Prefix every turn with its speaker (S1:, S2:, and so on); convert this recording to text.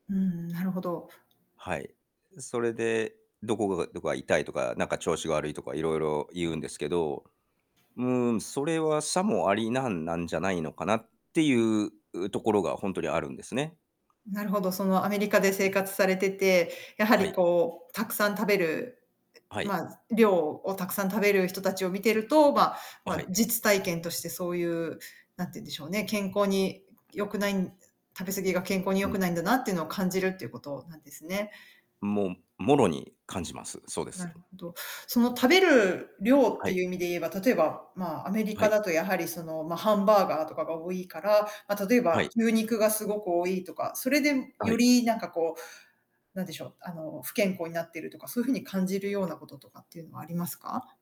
S1: うーん、なるほど。
S2: はい。それで、どこがどこが痛いとか、なんか調子が悪いとか色々言うんですけど、うん、それはさもありなんなんじゃないのかなっていううところがほんとにあるんですね。
S1: なるほど。その、アメリカで生活されてて、やは
S2: は
S1: り
S2: い。
S1: こう、たくさん食べる
S2: は
S1: う
S2: い。
S1: まあ、量をたくさん食べる人たちを見てると、ま
S2: あ、は
S1: ま、
S2: い。
S1: 実体験としてそういう、なんて言うんでしょうね、健康に良くないん食べ過ぎが健康に良
S2: う
S1: く
S2: ん。
S1: ないんだなっていうのを感じるっていうことなんですね。
S2: もう、もろに感じます。そうで
S1: な
S2: す。
S1: るほど。その食べる量っ
S2: は
S1: て
S2: い。
S1: いう意味で言えば、例えば、まあ、アメリ
S2: は
S1: カ
S2: い。
S1: だとやはりその、ま、ハンバーガーとかが多いから、ま、例え
S2: は
S1: ば
S2: い。
S1: 牛肉がすごく多いとか、それで
S2: あ、は
S1: よ
S2: い。
S1: りなんかこうなんでしょう、あの不健康になってるとか、そういう風に感じるようなこととかっていうのはありますか？